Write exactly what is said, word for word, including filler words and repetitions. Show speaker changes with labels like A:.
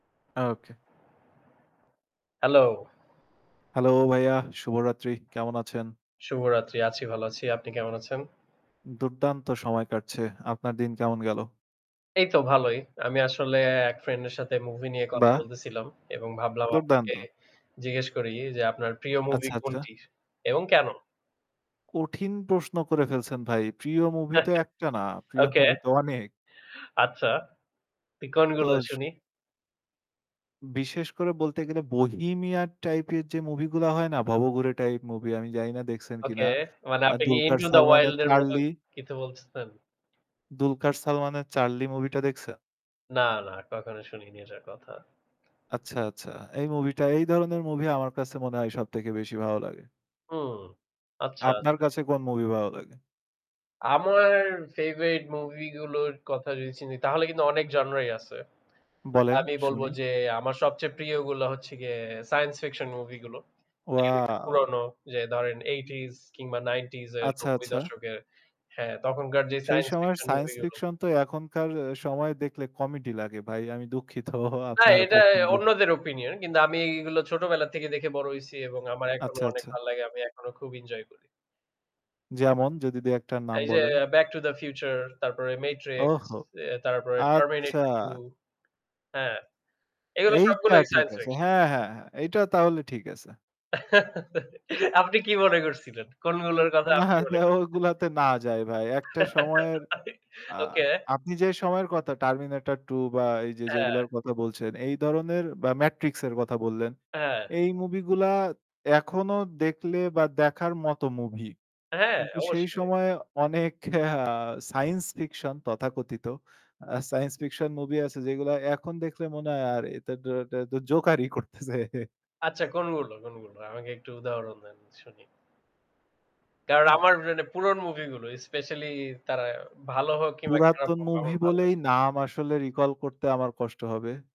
A: ওকে।
B: Hello.
A: Hello ভাইয়া, শুভরাত্রি, কেমন আছেন?
B: শুভরাত্রি আছি ভালো আছি। আপনি কেমন আছেন?
A: দুর্দান্ত সময় কাটছে। আপনার দিন কেমন গেল?
B: এই তো ভালোই। আমি আসলে এক ফ্রেন্ড এর সাথে মুভি নিয়ে কথা
A: বাহ!
B: বলতেছিলাম। এবং ভাবলাম আপনাকে
A: দুর্দান্ত।
B: জিজ্ঞেস করি যে আপনার প্রিয় মুভি
A: আচ্ছা, আচ্ছা।
B: কোনটি এবং কেন?
A: কঠিন প্রশ্ন করে ফেলছেন ভাই। প্রিয় মুভি তো একটা না, প্রিয়
B: ওকে।
A: মুভি তো অনেক।
B: আচ্ছা, তুই কোনগুলো
A: তোজ
B: শুনি?
A: বিশেষ করে বলতে গেলে বোহেমিয়ান টাইপ এর যে মুভি গুলা হয় না ভবঘুরে টাইপ মুভি আমি জানি না দেখছেন কিনা।
B: ওকে মানে
A: আ
B: আপনি কি
A: দুলকার
B: 'ইন্টো দ্যা
A: সালমানের
B: ওয়াইল্ড' এর মত
A: 'চার্লি'
B: কিছু বলছেন?
A: দুলকার সালমানের 'চার্লি' মুভিটা দেখছেন?
B: না, না কখনো শুনিনি ওটার কথা।
A: আচ্ছা, আচ্ছা এই মুভি টা এই ধরনের মুভি আমার কাছে মনে হয় সবথেকে বেশি ভালো লাগে।
B: হুম। আচ্ছা,
A: আপনার
B: আচ্ছা।
A: কাছে কোন মুভি ভালো লাগে?
B: আমার ফেভারেট মুভি গুলোর কথা যদি চিনি তাহলে কিন্তু অনেক জনরাই আছে।
A: বলেন,
B: আমি বলব
A: শুনি।
B: যে আমার সবচেয়ে প্রিয়গুলা হচ্ছে গিয়ে সাইন্স ফিকশন মুভি গুলো। যেগুলো একটু
A: ওয়াও!
B: পুরনো যে ধরেন eighty কিংবা ninety এর
A: আচ্ছা,
B: নব্বই
A: আচ্ছা।
B: দশক হ্যাঁ, তখনকার যে
A: সেই
B: সাইন্স
A: সময়ের
B: ফিকশন
A: সাইন্স
B: মুভি গুলো।
A: ফিকশন তো এখনকার সময় দেখলে কমেডি লাগে ভাই আমি দুঃখিত
B: না
A: আপনার
B: এটা
A: পছন্দের
B: অন্যদের ওপিনিয়ন। কিন্তু আমি এগুলো ছোটবেলা থেকে দেখে বড় হইছি এবং আমার এখনো
A: আচ্ছা,
B: অনেক
A: আচ্ছা।
B: ভাল লাগে। আমি এখনো খুব এনজয় করি।
A: যেমন? যদি দুই-একটার নাম
B: এই যে
A: বলেন।
B: 'ব্যাক টু দ্য ফিউচার' তারপরে 'মেট্রিক্স',
A: ওহ!
B: এ্য তারপরে
A: আচ্ছা।
B: 'টার্মিনেটর টু' হ্যাঁ, এগুলো
A: এইটা
B: সবগুলোই
A: ঠিক
B: সাইন্স
A: আছে।
B: ফিকশন।
A: হ্যাঁ, হ্যাঁ, হ্যাঁ, এইটা তাহলে ঠিক আছে।
B: আপনি কি মনে করছিলেন? কোনগুলোর কথা
A: না,
B: আপনি
A: না,
B: মনে করছিলেন?
A: ওইগুলাতে না যায় ভাই একটা সময়ের আ
B: ওকে।
A: আপনি যে সময়ের কথা 'টার্মিনেটর টু' বা এই যে
B: হ্যাঁ।
A: যেইগুলোর কথা বলছেন এই ধরনের বা 'মেট্রিক্স' এর কথা বললেন
B: অ্যা হ্যাঁ।
A: এই মুভি গুলা এখনো দেখলে বা দেখার মত মুভি।
B: হ্যাঁ,
A: কিন্তু সেই
B: অবশ্যই।
A: সময় অনেক আ সাইন্স ফিকশন তথাকথিত আ সাইন্স ফিকশন মুভি আছে যেইগুলা এখন দেখলে মনে হয় [unintelligible] জোকার ই করতেছে।
B: আচ্ছা কোনগুলো, কোনগুলো আমাকে একটু উদাহরণ দেন শুনি। কারণ
A: আহ!
B: আমার মানে পুরন মুভি গুলো স্পেশালি তারা ভালো হোক কিংবা খারাপ
A: পুরাতন
B: হোক আমার
A: মুভি
B: ভাল
A: বলেই
B: লাগে।
A: নাম আসলে রিকল করতে আমার কষ্ট হবে।